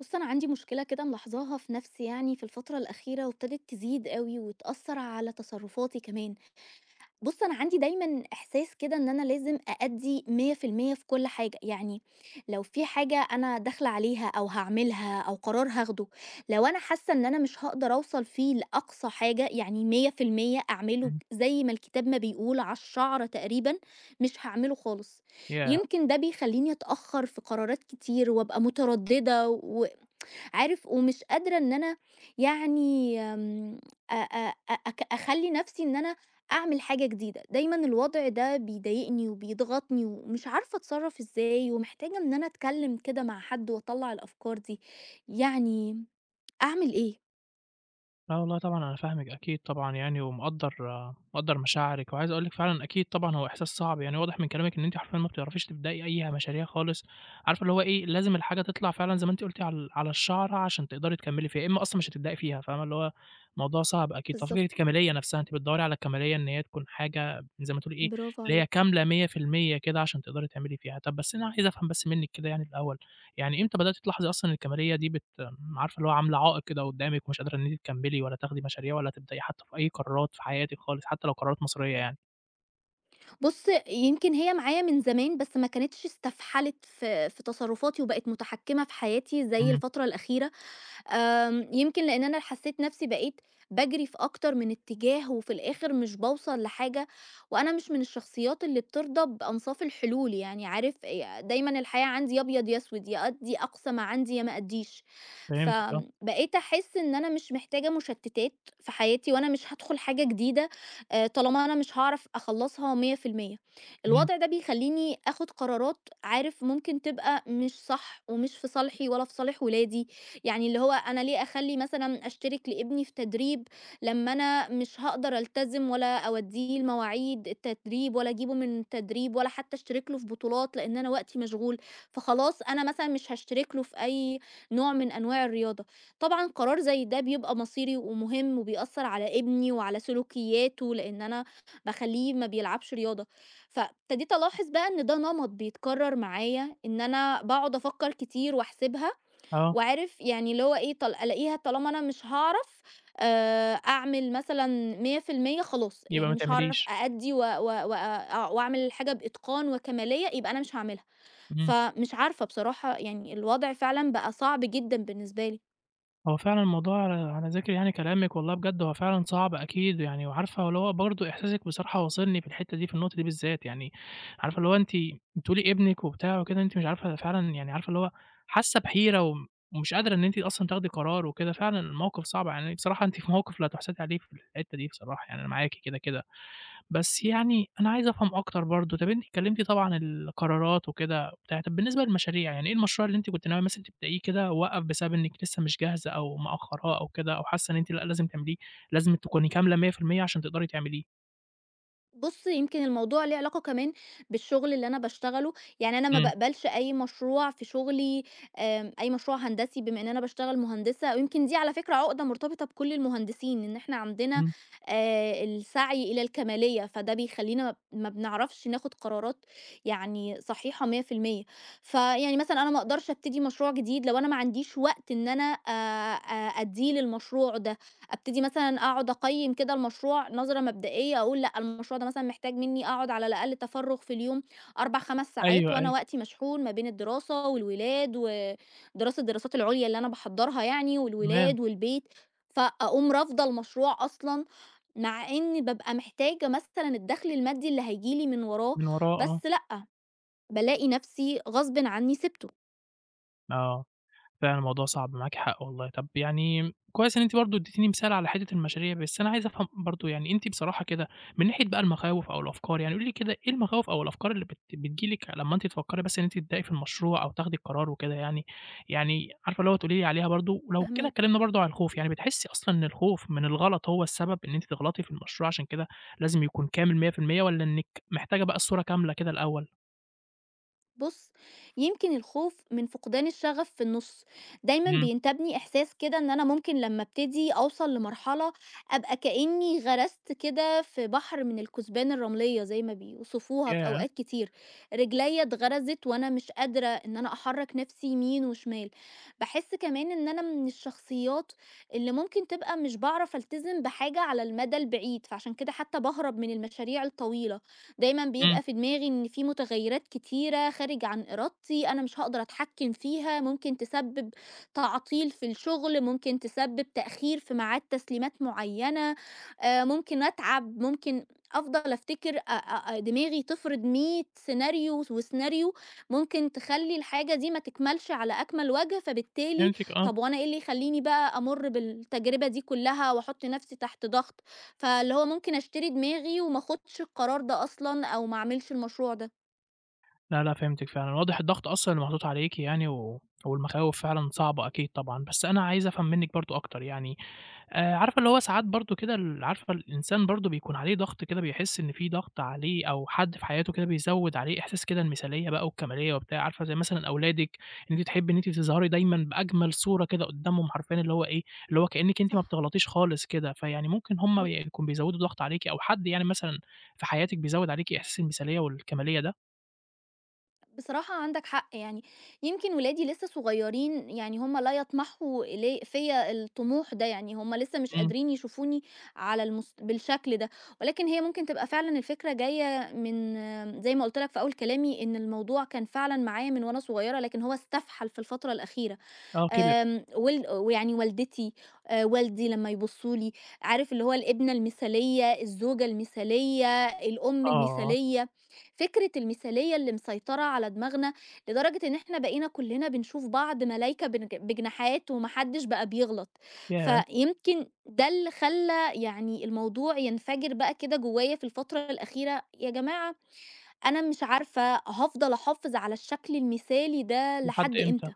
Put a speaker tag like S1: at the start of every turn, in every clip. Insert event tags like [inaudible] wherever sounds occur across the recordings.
S1: بُص، أنا عندي مشكلة كده ملاحظاها في نَفْسي يعني في الفترة الأخيرة وابتدت تزيد أوي وتأثّر على تصرُّفاتي كمان. بُص، أنا عندي دايمًا إحساس كده إن أنا لازم أأدّي 100% في كل حاجة، يعني لو في حاجة أنا داخلة عليها أو هاعملها أو قرار هاخده، لو أنا حاسّة إن أنا مش هاقدر أوصل فيه لأقصى حاجة يعني 100% أعمله
S2: إمم.
S1: زي ما الكتاب ما بيقول على الشَعْرة تقريبًا، مش هاعمله خالص.
S2: ياه!
S1: يمكن ده بيخلّيني أتأخَّر في قرارات كتير وأبقى مُتردِّدة و [tsk] عارف ومش قادرة إن أنا يعني م أ أ أ أك أخلّي نَفْسي إن أنا أعمل حاجة جديدة. دايمًا الوضع ده بيضايقني وبيضغطني ومش عارفة أتصرَّف إزاي ومحتاجة إن أنا أتكلِّم كده مع حد وأطلَّع الأفكار دي، يعني أعمل إيه؟
S2: لأ والله طبعًا أنا فاهمِك أكيد طبعًا يعني ومقدَّر مقدَّر مشاعرِك وعايز أقول لِك فعلًا أكيد طبعًا هو إحساس صعب، يعني واضح من كلامِك إن أنتِ حرفيًا ما بتعرفيش تبدئي أي مشاريع خالص. عارفة اللي هو إيه، لازم الحاجة تطلع فعلًا زي ما أنتِ قُلتِ عل على الشَعْرة عشان تقدري تكمِّلي فيها، يا إمّا أصلًا مش هتبدأي فيها فاهمة، اللي هو موضوع صعب أكيد. ففكرة
S1: بالضبط.
S2: الكَمالية نَفْسها، أنتِ بتدوَّري على الكَمالية إن هي تكون حاجة زي ما تقولي إيه،
S1: برافو
S2: اللي هي
S1: عليك.
S2: كاملة 100% كده عشان تقدري تعملي فيها. طَب بس أنا عايز أفهم بس منِّك كده يعني الأول، يعني إمتى بدأتِ تلاحظي أصلًا الكَمالية دي بت عارفة اللي هو عاملة عائِق كده قُدّامِك ومش قادرة إن أنتِ تكمِّلي والّا تاخدي مشاريع والّا تبدئي حتّى في أي قرارات في حياتِك خالص حتّى لو قرارات مصيريّة يعني؟
S1: بُص، يمكن هي معايا من زمان بس ما كانتش استَفْحَلِت في في تصرُّفاتي وبقت مُتحكِّمة في حياتي زي
S2: إمم.
S1: الفترة الأخيرة. آمم يمكن لإن أنا حسّيت نَفْسي بقيت باجري في أكتر من اتّجاه وفي الآخِر مش باوصل لحاجة وأنا مش من الشخصيات اللي بترضى بأنصاف الحلول، يعني عارف ي دايمًا الحياة عندي يا أبيض يا أسود، يا أدّي أقصى ما عندي يا ما أدّيش. ف
S2: فهمتِك آه.
S1: بقيت أحس إن أنا مش محتاجة مُشتِّتات في حياتي وأنا مش هادخُل حاجة جديدة آآ طالما أنا مش هاعرف أخلَّصها 100%.
S2: إمم.
S1: الوضع ده بيخلّيني آخُد قرارات عارف ممكن تبقى مش صح ومش في صالحي ولا في صالح ولادي، يعني اللي هو أنا ليه أخلّي مثلًا أشترِك لابني في تدريب لمّا أنا مش هاقدر ألتزم ولا أودّيه المواعيد التدريب ولا أجيبه من التدريب ولا حتّى أشترِك له في بطولات لإن أنا وقتي مشغول، فخلاص أنا مثلًا مش هاشترِك له في أي نوع من أنواع الرياضة. طبعًا قرار زي ده بيبقى مصيري ومهم وبيأثّر على ابني وعلى سلوكيّاته لإن أنا باخلّيه ما بيلعبش رياضة. فابتديت ألاحظ بقى إن ده نَمَط بيتكرَّر معايا إن أنا باقعُد أفكّر كتير وأحسبها
S2: آه.
S1: وعارف يعني اللي هو إيه، طال ألاقيها طالما أنا مش هاعرف آآ أعمل مثلًا 100% خلاص،
S2: يبقى ما
S1: يعني مش هاعرف
S2: تعمليش.
S1: أأدّي و و وأ أع وأعمل الحاجة بإتقان وكَمالية يبقى أنا مش هاعملها.
S2: إمم.
S1: فمش عارفة بصراحة يعني الوضع فعلًا بقى صعب جدًا بالنسبة لي.
S2: هو فعلًا الموضوع على ذِكْر يعني كلامِك والله بجد هو فعلًا صعب أكيد، يعني وعارفة هو اللي هو برضه إحساسِك بصراحة واصلني في الحتّة دي في النقطة دي بالذات، يعني عارفة اللي هو أنتِ بتقولي ابنِك وبتاع وكده أنتِ مش عارفة ده فعلًا يعني عارفة اللي هو حاسّة بِحِيرة وم ومش قادرة إن أنتِ أصلًا تاخدي قرار وكده، فعلًا الموقِف صعب يعني، بصراحة أنتِ في موقِف لا تُحسدي عليه في الحتّة دي بصراحة، يعني أنا معاكِ كده، كده. بس يعني أنا عايز أفهم أكتر برضه، طَب أنتِ كلِّمتِ طبعًا ال القرارات وكده وبتاع، طَب بالنسبة للمشاريع، يعني إيه المشروع اللي أنتِ كنت ناوية مثلًا تبدئيه كده ووقف بسبب إنِّك لسّه مش جاهزة أو مأخَّراه أو كده أو حاسّة إن أنتِ لأ، لازم تعمليه، لازم تكوني كاملة 100% علشان تقدري تعمليه؟
S1: بُص، يمكن الموضوع ليه علاقة كمان بالشُغل اللي أنا باشتغله، يعني أنا ما
S2: إمم.
S1: بأقبلش أي مشروع في شُغلي آآ أي مشروع هندسي بما إن أنا باشتغل مهندسة ويمكن دي على فكرة عُقدة مُرتبطة بكل المهندسين إن إحنا عندنا
S2: إمم.
S1: آآ السعي إلى الكَمالية، فده بيخلّينا ما بنعرفش ناخُد قرارات يعني صحيحة 100%، فيعني مثلًا أنا ما أقدرش أبتدي مشروع جديد لو أنا ما عنديش وقت إن أنا آآ آآ أدّيه للمشروع ده، أبتدي مثلًا أقعُد أقيّم كده المشروع نظرة مبدئية، أقول لأ، المشروع ده مثلًا محتاج منّي أقعُد على الأقل تَفرُّغ في اليوم 4، 5 ساعات
S2: أيوه،
S1: وأنا
S2: أيوه.
S1: وقتي مشحون ما بين الدراسة والولاد و دراسة الدراسات العُليا اللي أنا باحضّرها يعني
S2: تمام.
S1: والولاد والبيت، فأقوم رافضة المشروع أصلًا مع إن بابقى محتاجة مثلًا الدَخْل المادّي اللي هييجي لي من وراه،
S2: من وراه آه.
S1: بس لأ، بالاقي نَفْسي غصبٍ عنّي سِبته.
S2: آه، فعلًا الموضوع صعب، معاكِ حق والله. طَب يعني كويس إن أنتِ برضه ادّيتيني مثال على حتّة المشاريع، بس أنا عايز أفهم برضه يعني أنتِ بصراحة كده من ناحية بقى المخاوف أو الأفكار، يعني قولي لي كده إيه المخاوف أو الأفكار اللي بت بتيجي لِك لمّا أنت تفكّري بس إن أنتِ تبدئي في المشروع أو تاخدي القرار وكده يعني؟ يعني عارفة اللي هو تقولي لي عليها برضه، ولو كده
S1: فاهماك.
S2: اتكلِّمنا برضه عن الخوف، يعني بتحسّي أصلًا إن الخوف من الغلط هو السبب إن أنتِ تغلطي في المشروع عشان كده لازم يكون كامل 100% والّا إنِّك محتاجة بقى الصورة كاملة كده الأول؟
S1: بُص، يمكن الخوف من فُقدان الشَغَف في النُص. دايمًا
S2: إمم.
S1: بينتابني إحساس كده إن أنا ممكن لمّا أبتدي أوصل لمرحلة أبقى كإنّي غَرَسْت كده في بحر من الكُسبان الرمليّة زي ما بيوصفوها في
S2: ياه!
S1: أوقات كتير، رجليّا اتغَرَسِت وأنا مش قادرة إن أنا أحرَّك نَفْسي يمين وشمال. باحس كمان إن أنا من الشخصيّات اللي ممكن تبقى مش باعرف ألتزم بحاجة على المَدَى البعيد، فعشان كده حتّى باهرب من المشاريع الطويلة. دايمًا
S2: إمم.
S1: بيبقى في دماغي إن في مُتغيّرات كتيرة خارج عن إرادتي أنا مش هاقدر أتحكِّم فيها، ممكن تسبِّب تعطيل في الشُغل، ممكن تسبِّب تأخير في ميعاد تسليمات معيّنة، آآ ممكن أتعَب، ممكن أفضل أفتكر أ أ أ دماغي تفرض 100 سيناريو وس وسيناريو، ممكن تخلّي الحاجة دي ما تكملش على أكمَل وَجْه، فبالتالي
S2: فهمتِك، آه.
S1: طَب وأنا إيه اللي يخلّيني بقى أمُرّ بالتجربة دي كًلّها وأحُط نَفْسي تحت ضَغْط؟ فاللي هو ممكن أشتري دماغي وما أخُدش القرار ده أصلًا أو ما أعملش المشروع ده.
S2: لا، لأ فهمتِك فعلًا، واضح الضغط أصلًا اللي محطوط عليكِ يعني، و والمخاوف فعلًا صعبة أكيد طبعًا بس أنا عايز أفهم منِّك برضه أكتر يعني آآ، عارفة اللي هو ساعات برضه كده ال عارفة الإنسان برضه بيكون عليه ضغط كده بيحس إن في ضغط عليه أو حد في حياته كده بيزوّد عليه إحساس كده المثالية بقى والكمالية وبتاع، عارفة ده زي مثلًا أولادِك، إن أنتِ تحبّي إن أنتِ تظهري دايمًا بأجمل صورة كده قدّامهم، حرفيًا اللي هو إيه، اللي هو كأنِّك أنتِ ما
S1: صح.
S2: بتغلطيش خالص كده، فيعني ممكن هُم
S1: إمم.
S2: يكونوا بيزوّدوا الضغط عليكِ، أو حد يعني مثلًا في حياتِك بيزوّد عليكِ إحساس المثالية والكمالية ده؟
S1: بصراحة عندَك حق يعني، يمكن ولادي لسّه صغيرين، يعني هُم لا يطمحوا ل فيّا الطموح ده يعني، هُم لسّه مش
S2: إمم.
S1: قادرين يشوفوني على المس بالشكل ده، ولكن هي ممكن تبقى فعلًا الفكرة جايّة من زي ما قُلت لك في أول كلامي إن الموضوع كان فعلًا معايا من وأنا صغيّرة، لكن هو استفحَل في الفترة الأخيرة،
S2: آه كِبر.
S1: آمم ول ويعني والدتي، آآ، والدي لمّا يبصّوا لي، عارف اللي هو الابنة المثالية، الزوجة المثالية، الأم
S2: آه، آه.
S1: المثالية، فكرة المثالية، اللي مسيطرة على دماغنا، لدرجة إن إحنا بقينا كُلّنا بنشوف بعض ملايكة بنج بجناحات، وما حدش بقى بيغلط،
S2: ياه!
S1: فيمكن ده اللي خلّى يعني الموضوع ينفجِر بقى كده جوايا في الفترة الأخيرة، يا جماعة أنا مش عارفة هافضل أحافظ على الشكل المثالي ده
S2: لحد
S1: لحد
S2: إمتى؟
S1: إمتى؟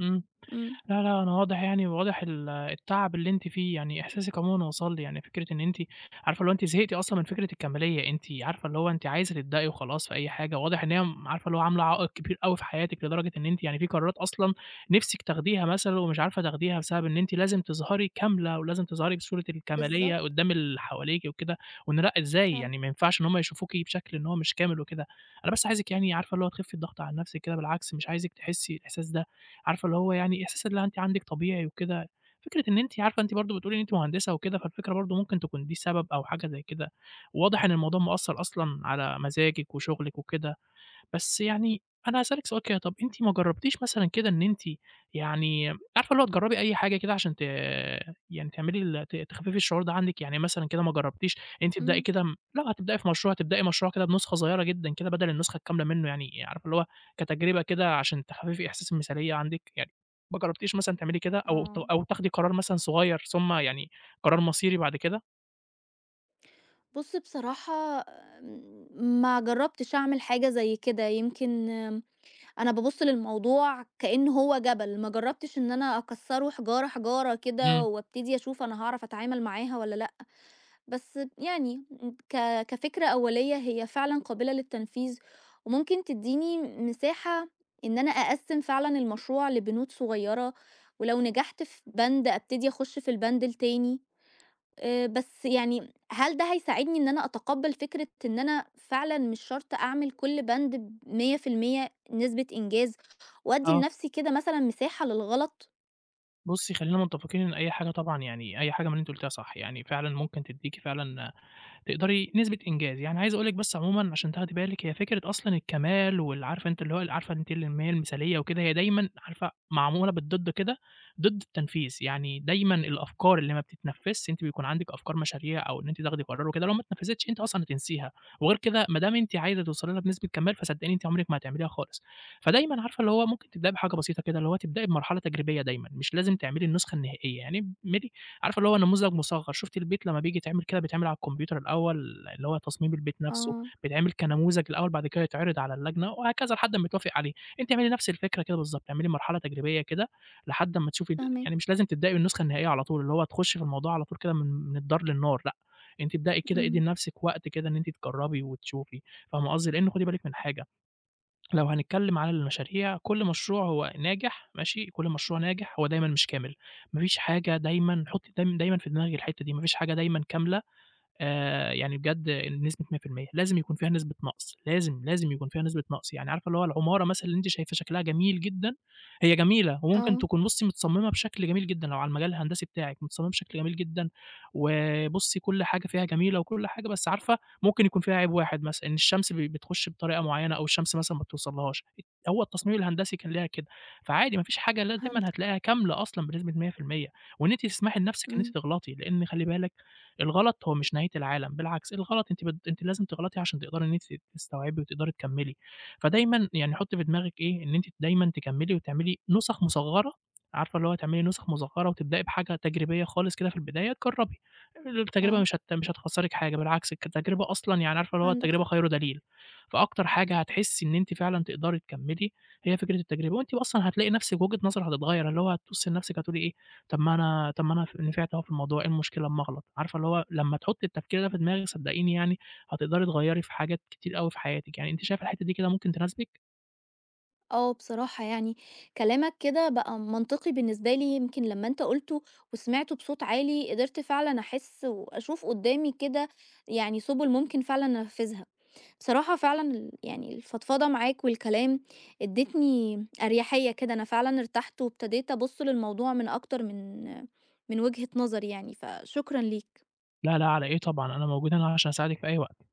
S2: إمم،
S1: إمم.
S2: لا، لا، أنا واضح يعني واضح ال التعب اللي أنتِ فيه، يعني إحساسِك عمومًا وصل لي، يعني فكرة إن أنتِ عارفة اللي هو أنتِ زهقتِ أصلًا من فكرة الكمالية، أنتِ عارفة اللي هو أنتِ عايزه تبدئي وخلاص في أي حاجة، واضح إن هي م عارفة اللي هو عاملة عائق كبير أوي في حياتِك، لدرجة إن أنتِ يعني في قرارات أصلًا نفسِك تاخديها مثلًا ومش عارفة تاخديها، بسبب إن أنتِ لازم تظهري كاملة، ولازم تظهري بصورة الكمالية
S1: بالضبط.
S2: قدّام اللي حواليكِ وكده، وإن لأ، إزاي
S1: فعلًا.
S2: يعني ما ينفعش إن هم يشوفوكِ بشكل إن هو مش كامل وكده، أنا بس عايزِك يعني عارفة اللي هو تخفي الضغط عن نفسِك كده، بالعكس مش عايزِك تحسّي الإحساس ده، عارفة اللي هو يعني إحساس اللي أنتِ عندِك طبيعي وكده، فكرة إن أنتِ عارفة أنتِ برضه بتقولي إن أنتِ مهندسة وكده، فالفكرة برضه ممكن تكون دي السبب أو حاجة زي كده، واضح إن الموضوع مأثّر أصلًا على مزاجِك وشغلِك وكده، بس يعني أنا هاسألِك سؤال كده، طَب أنتِ ما جرّبتيش مثلًا كده إن أنتِ يعني عارفة اللي هو تجرّبي أي حاجة كده عشان ت يعني تعملي ال ت تخفِّفي الشعور ده عندِك، يعني مثلًا كده ما جرّبتيش إن أنتِ تبدئي
S1: إمم.
S2: كده لو هتبدئي في مشروع هتبدئي مشروع كده بنسخة صغيّرة جدًا كده، بدل النسخة الكاملة منه، يعني عارفة اللي هو كتجربة كده علشان تخفِّفي إحساس المثالية عندِك؟ يعني ما جرّبتيش مثلًا تعملي كده أو ت
S1: آه.
S2: أو تاخدي قرار مثلًا صغيّر ثم يعني قرار مصيري بعد كده؟
S1: بُصّ، بصراحة ما جرّبتش أعمل حاجة زي كده، يمكن أنا بابُصّ للموضوع كإن هو جبل، ما جرّبتش إن أنا أكسّره حجارة، حجارة كده،
S2: إمم.
S1: وأبتدي أشوف أنا هاعرف أتعامل معاها والّا لأ، بس يعني ك كفكرة أولية هي فعلًا قابلة للتنفيذ، وممكن تدّيني مساحة إن أنا أقسّم فعلًا المشروع لبنود صغيّرة، ولو نجحت في بَند أبتدي أخش في البَند التاني، آآ، بس يعني هل ده هيساعدني إن أنا أتقبّل فكرة إن أنا فعلًا مش شرط أعمل كلّ بَند ب 100% نسبة إنجاز، وأدّي
S2: آه.
S1: لنفْسي كده مثلًا مساحة للغلط؟
S2: بُصّي خلّينا متّفقين إن أي حاجة طبعًا يعني، أي حاجة من اللي أنتِ قُلتيها صح، يعني فعلًا ممكن تديكِ فعلًا تقدري نسبة إنجاز، يعني عايز أقول لِك بس عمومًا عشان تاخدي بالِك، هي فكرة أصلًا الكمال وال عارفة أنتِ اللي هو عارفة أنتِ اللي هي المثاليّة وكده، هي دايمًا عارفة معمولة بالضد كده، ضد التنفيذ، يعني دايمًا الأفكار اللي ما بتتنفذش، أنتِ بيكون عندِك أفكار مشاريع أو إن أنتِ تاخدي قرار وكده، لو ما اتنفذتش أنتِ أصلًا هتنسيها، وغير كده ما دام أنتِ عايزة توصلي لها بنسبة كمال، فصدقيني أنتِ عمرِك ما هتعمليها خالص، فدايمًا عارفة اللي هو ممكن تبدئي بحاجة بسيطة كده، اللي هو تبدئي بمرحلة تجريبية دايمًا، مش لازم تعملي النسخة النهائية يعني، اعملي عارفة اللي هو نموذج مُصغّر، شُفتِ البيت لمّا بييجي يتعمل كده بيتعمل على الكمبيوتر الأوّل، اللي هو تصميم البيت نفْسه،
S1: آه.
S2: بيتعمل كنموذج الأوّل بعد كده يتعرض على اللجنة، وهكذا لحد امّا يتوافق عليه، أنتِ اعملي نفْس الفكرة كده بالضبط، اعملي مرحلة تجريبية كده لحد امّا تشوفي ال
S1: فاهماك.
S2: يعني مش لازم تبدئي بالنسخة النهائية على طول، اللي هو تخشي في الموضوع على طول كده من من الدار للنار، لأ أنتِ ابدئي كده، ادي
S1: إمم.
S2: لنفسِك وقت كده إن أنتِ تجرّبي وتشوفي، فاهمة قصدي، لإن خُدي بالِك من حاجة، لو هنتكلّم على المشاريع، كلّ مشروع هو ناجح، ماشي، كلّ مشروع ناجح هو دايمًا مش كامل، ما فيش حاجة دايمًا حطي دايم دايمًا في دماغِك الحتّة دي، ما فيش حاجة دايمًا كاملة آآ، يعني بجد بنسبة 100%، لازم يكون فيها نسبة نقص، لازم، لازم يكون فيها نسبة نقص، يعني عارفة اللي هو العمارة مثلًا اللي أنتِ شايفة شكلها جميل جدًا، هي جميلة، وممكن
S1: آه.
S2: تكون بُصّي متصممة بشكل جميل جدًا، لو على المجال الهندسي بتاعِك، متصممة بشكل جميل جدًا، وبُصّي كلّ حاجة فيها جميلة وكلّ حاجة، بس عارفة ممكن يكون فيها عيب واحد مثلًا، إن الشمس ب بتخش بطريقة معيّنة أو الشمس مثلًا ما يتوصلهاش، هو التصميم الهندسي كان ليها كده، فعادي ما فيش حاجة اللي هي دايمًا
S1: فهمتك.
S2: هتلاقيها كاملة أصلًا بنسبة 100%، وإن أنتِ تسمحي لنفسِك إن أنتِ
S1: إمم.
S2: تغلطي، لإن خلّي بالِك الغلط هو مش نهاية العالم، بالعكس الغلط أنتِ بت أنتِ لازم تغلطي عشان تقدري إن أنتِ ت تستوعبي وتقدري تكمّلي، فدايمًا يعني حطي في دماغِك إيه، إن أنتِ دايمًا تكمّلي وتعملي نُسَخ مُصغّرة، عارفة اللي هو تعملي نُسخ مصغرة وتبدئي بحاجة تجريبية خالص كده في البداية، جرّبي، التجربة
S1: آه.
S2: مش هت مش هتخسرِك حاجة، بالعكس كتجربة أصلًا يعني عارفة اللي هو
S1: عندك
S2: التجربة
S1: حق.
S2: خير دليل، فأكتر حاجة هتحسّي إن أنتِ فعلًا تقدري تكمّلي هي فكرة التجربة، وأنتِ أصلًا هتلاقي نفْسِك وجهة نظرِك هتتغيّر، اللي هو هتبُصّي لنفسِك هتقولي إيه، "طَب ما أنا طَب ما أنا ف نفعت أهو في الموضوع، إيه المشكلة أمّا أغلط" عارفة اللي هو لمّا تحطّي التفكير ده في دماغِك صدّقيني يعني، هتقدري تغيّري في حاجات كتير أوي في حياتِك، يعني أنتِ شايفة الحتّة دي كده ممكن تناسبِك؟
S1: آه بصراحة يعني، كلامك كده بقى منطقي بالنسبة لي، يمكن لمّا أنت قُلته وسمعته بصوت عالي قدرت فعلًا أحس وأشوف قدّامي كده يعني سُبُل ممكن فعلًا أنفذها، بصراحة فعلًا ال يعني الفضفضة معاك والكلام ادّتني أريَحية كده، أنا فعلًا ارتحت وابتديت أبُصّ للموضوع من أكتر من من وجهة نظر يعني، فشكرًا ليك.
S2: لا، لا، على إيه طبعًا، أنا موجود هنا عشان أساعدِك في أي وقت.